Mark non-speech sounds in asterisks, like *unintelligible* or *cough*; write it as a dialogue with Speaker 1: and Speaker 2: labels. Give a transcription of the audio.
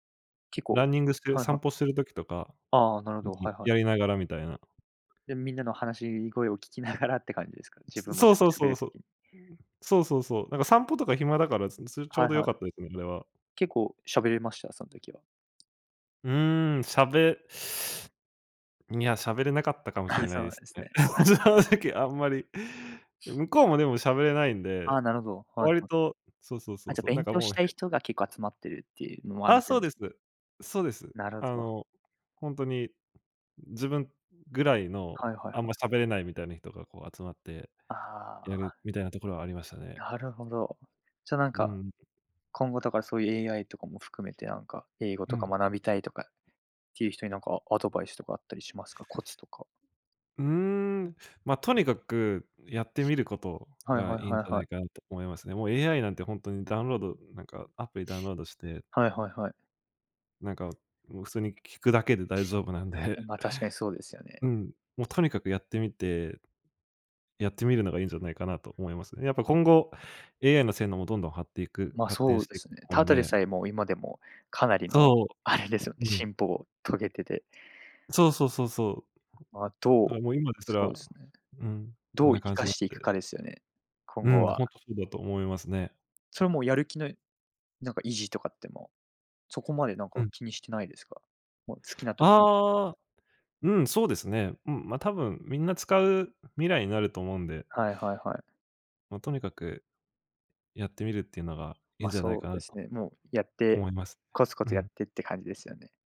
Speaker 1: 結
Speaker 2: ラ
Speaker 1: 構
Speaker 2: ンニングしてる
Speaker 1: はいは
Speaker 2: 散
Speaker 1: い。
Speaker 2: 歩する時とか、
Speaker 1: ああ、なるほど。は
Speaker 2: *unintelligible*
Speaker 1: いはい。
Speaker 2: やりながらみたいな。
Speaker 1: で、みんなの話しに声を聞きながらって感じですか？自
Speaker 2: う
Speaker 1: 分も、
Speaker 2: そ
Speaker 1: ち
Speaker 2: う
Speaker 1: ょっ
Speaker 2: そう
Speaker 1: と、喋
Speaker 2: そう
Speaker 1: る
Speaker 2: そう。
Speaker 1: 時に。
Speaker 2: そうそうそう。なんか、散歩とか暇だから、すすちょ
Speaker 1: は
Speaker 2: う
Speaker 1: い
Speaker 2: どよ
Speaker 1: はい。
Speaker 2: かったですね。*unintelligible*
Speaker 1: 結構喋れました？そん時は。
Speaker 2: うーん、しゃべいや、しゃべれなかったかもしれ
Speaker 1: あ、
Speaker 2: な
Speaker 1: そ
Speaker 2: いで
Speaker 1: う
Speaker 2: す
Speaker 1: です
Speaker 2: ね。
Speaker 1: ね。い
Speaker 2: 正
Speaker 1: や。
Speaker 2: 直あんまり。向こうもでもしゃべれないんで、
Speaker 1: ああ、なるほど。はい
Speaker 2: 割
Speaker 1: はい。
Speaker 2: と、そうそうそ
Speaker 1: あ、
Speaker 2: う
Speaker 1: じゃ、
Speaker 2: そう、なん
Speaker 1: 勉
Speaker 2: か
Speaker 1: 強
Speaker 2: も
Speaker 1: し
Speaker 2: うへ
Speaker 1: たい人が、結構集まってるっていうのもあ
Speaker 2: あ、
Speaker 1: る。
Speaker 2: そうです。
Speaker 1: *unintelligible*
Speaker 2: そうです。
Speaker 1: なるは
Speaker 2: あ
Speaker 1: ぞわ。
Speaker 2: の、ほんとに、自分ぐらいの、
Speaker 1: はいはい
Speaker 2: あん
Speaker 1: はい。
Speaker 2: ま喋れないみたいな人が、こう、集まって
Speaker 1: あ
Speaker 2: やる。
Speaker 1: あ。
Speaker 2: みたいなところはありましたね。
Speaker 1: なるほど。じゃあ、なん
Speaker 2: う
Speaker 1: か、
Speaker 2: ん。
Speaker 1: 今後とか、そういう AI とかも含めて、なんか、英語
Speaker 2: う
Speaker 1: とか
Speaker 2: ん。
Speaker 1: 学びたいとかっていう人に、なんかアドバイスとかあったりしますか？コツとか。
Speaker 2: うーん、ま、とにかく、やってみること
Speaker 1: はい
Speaker 2: が
Speaker 1: はい
Speaker 2: いいん
Speaker 1: は
Speaker 2: じ
Speaker 1: い
Speaker 2: ゃな
Speaker 1: はい。
Speaker 2: いかなと思いますね。もう AI なんてほんとにダウンロードなんかアプリダウンロードして
Speaker 1: はいはいはい。
Speaker 2: なんか、もう、普通に聞くだけで大丈夫なんで。
Speaker 1: まあ、確かにそうですよね。
Speaker 2: うん、もう、とにかくやってみて、やってみるのがいんじゃないかなと思いますね。やっぱ、今後 AI の性能もどんどんはっていく
Speaker 1: ま、
Speaker 2: 発展
Speaker 1: そう
Speaker 2: し
Speaker 1: で
Speaker 2: ていく
Speaker 1: す
Speaker 2: と
Speaker 1: ね。
Speaker 2: 思う
Speaker 1: た
Speaker 2: ん
Speaker 1: だで
Speaker 2: で。
Speaker 1: さえ、もう、今でも、かなりの、
Speaker 2: そ
Speaker 1: あれですよね。
Speaker 2: う。うん。
Speaker 1: 進歩を遂げてて
Speaker 2: そうそうそうそ
Speaker 1: ま、ど
Speaker 2: う。
Speaker 1: う
Speaker 2: だあ、もう、今です
Speaker 1: そうで
Speaker 2: ら、
Speaker 1: すね。
Speaker 2: うん、こ
Speaker 1: ど
Speaker 2: ん
Speaker 1: う
Speaker 2: な
Speaker 1: 生
Speaker 2: 感じ
Speaker 1: か
Speaker 2: だっ
Speaker 1: していく
Speaker 2: て。
Speaker 1: かですよね、今
Speaker 2: う
Speaker 1: 後
Speaker 2: ん、ほん
Speaker 1: は。
Speaker 2: とそうだと思いますね。
Speaker 1: それは、もう、やる気のなんか維持とかって、もう、そこまで、なん
Speaker 2: う
Speaker 1: か、
Speaker 2: ん。
Speaker 1: 気にしてないですか？もう、好きな時にって感じ。
Speaker 2: ああ。うん、そうですね。うん、ま、多分、みんな使う未来になると思うんで。
Speaker 1: はいはいはい。
Speaker 2: ま、とにかく、やってみるっていうのが、いん
Speaker 1: ま、
Speaker 2: じゃない
Speaker 1: そ
Speaker 2: か
Speaker 1: うで
Speaker 2: な
Speaker 1: す
Speaker 2: と、
Speaker 1: ね。もう、やって、
Speaker 2: 思います
Speaker 1: コツコ
Speaker 2: ね。う
Speaker 1: ツやっ
Speaker 2: ん。
Speaker 1: てって感じですよね。